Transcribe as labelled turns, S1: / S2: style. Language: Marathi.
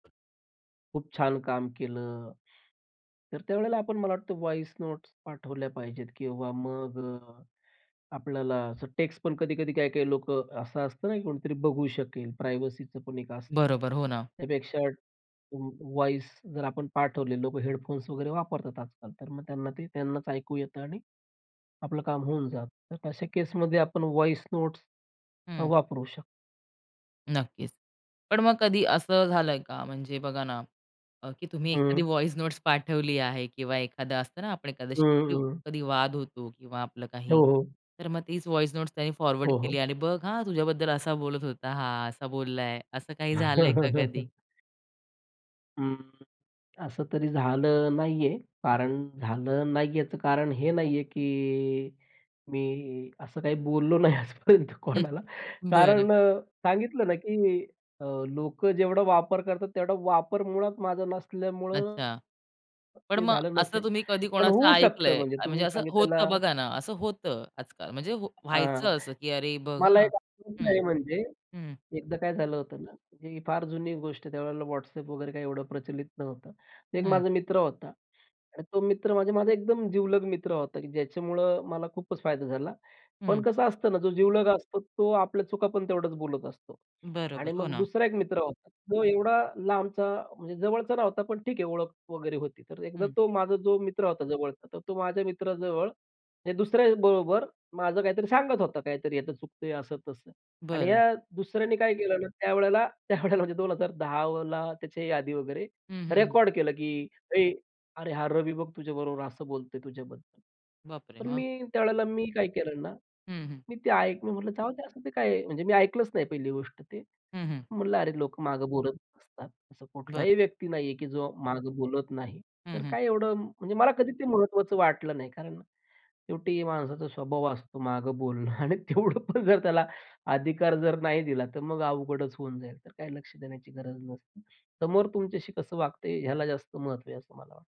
S1: खूप छान काम केलं. तर त्यावेळेला आपण मला वाटतं व्हॉईस नोट्स पाठवल्या पाहिजेत किंवा मग अ, आपल्याला टेक्स्ट पण कधी-कधी काही, काही लोकं असं असतं ना, की कोणीतरी बघू शकेल. प्रायव्हसीच पण एक असतं.
S2: बरोबर, हो ना.
S1: त्यापेक्षा वॉईस जर आपण पाठवले लोक हेडफोन्स वगैरे वापरतात आजकाल, तर मग त्यांना ते त्यांनाच ऐकू येतं आणि आपलं काम होऊन जातं. तर अशा केसमध्ये आपण व्हॉईस नोट्स अ,
S2: हं.
S1: वापरू शकतो.
S2: नक्कीच. पण मग कधी असं झालंय का म्हणजे बघा ना, अ, की तुम्ही एखादी
S1: हं.
S2: व्हॉईस नोट्स पाठवली आहे किंवा एखादं असतं ना, आपण
S1: हं,
S2: [unintelligible]
S1: हं.
S2: कधी वाद होतो किंवा आपलं
S1: हो,
S2: काही
S1: हो.
S2: तर मग तीच व्हॉईस नोट्स त्यांनी फॉरवर्ड
S1: हो, हो.
S2: केली आणि "बघ हां तुझ्याबद्दल असा बोलत होता हा असा बोललाय" असं काही झालंय का कधी?
S1: हं. असं तरी झालं नाहीये,
S2: बरं.
S1: कारण झालं नाहीये याचं कारण हे नाहीये, की मी असं काही बोललो नाही आजपर्यंत
S2: हं,
S1: कोणाला.
S2: हं बरं.
S1: कारण अ, सांगितलं ना, की अ, लोकं जेवढा वापर करतात तेवढा वापर मुळात माझा नसल्यामुळं
S2: अच्छा, पण
S1: ते
S2: मग
S1: झालं
S2: असं
S1: नसेल.
S2: तुम्ही कधी
S1: पण
S2: कोणाचं
S1: होऊ शकतं
S2: ऐकलंय
S1: म्हणजे
S2: म्हणजे
S1: तुम्ही
S2: असं होतं
S1: सांगितलेलं.
S2: बघा ना, असं होतं आजकाल म्हणजे
S1: हां,
S2: व्हायचं असं, की "अरे बघ
S1: मला
S2: हां."
S1: एक अनुभव
S2: हं,
S1: आहे. म्हणजे
S2: हं.
S1: एकदा काय झालं होतं ना, की फार जुनी गोष्ट आहे त्यावेळेला WhatsApp वगैरे काय एवढं प्रचलित नव्हतं. 1
S2: हं.
S1: माझा मित्र होता आणि तो मित्र म्हणजे माझा एकदम जीवलग मित्र होता की ज्याच्यामुळं मला खूपच फायदा झाला. पण
S2: हं.
S1: कसं असतं ना, जो जिवलग असतो तो आपल्या चुका पण तेवढंच बोलत असतो आणि
S2: बरोबर, हो
S1: मग
S2: ना.
S1: दुसरा एक मित्र होता. तो एवढा लांबचा म्हणजे जवळचा नव्हता पण ठीक आहे ओळख वगैरे होती तर एकदा
S2: हं.
S1: तो माझा जो मित्र होता जवळचा तर तो माझ्या मित्राजवळ हे दुसऱ्याबरोबर माझं काहीतरी सांगत होता काहीतरी चुकतंय असं तसं, आणि
S2: बरं.
S1: ह्या दुसऱ्याने काय केलं ना त्यावेळेला, त्यावेळेला म्हणजे 2010ला त्याची ही आदी वगैरे
S2: हं, हं, हं.
S1: रेकॉर्ड केलं, की "ए अरे हा रवी बघ तुझ्याबरोबर असं बोलतोय तुझ्याबद्दल."
S2: बापरे!
S1: पण
S2: हा.
S1: मी त्यावेळेला मी काय केलं ना
S2: हं, हं.
S1: मी ते ऐकलं. मी म्हटलं जाऊद्या ते काय आहे म्हणजे मी ऐकलंच नाही पहिली गोष्ट ते,
S2: हं, हं.
S1: म्हटलं अरे लोक मागे बोलत असतात. असा
S2: बरं.
S1: कुठलाही व्यक्ती नाहीये की जो माग बोलत नाही
S2: हं,
S1: तर
S2: हं.
S1: काय एवढं म्हणजे मला कधी ते महत्त्वाचं वाटलं नाही कारण शेवटी माणसाचा स्वभाव असतो मागं बोलणं आणि तेवढं पण जर त्याला अधिकार जर नाही दिला तर मग अवघडच होऊन जाईल तर काही लक्ष देण्याची गरज नसते. समोर तुमच्याशी कसं वागतंय ह्याला जास्त महत्त्व आहे असं मला वाटतं.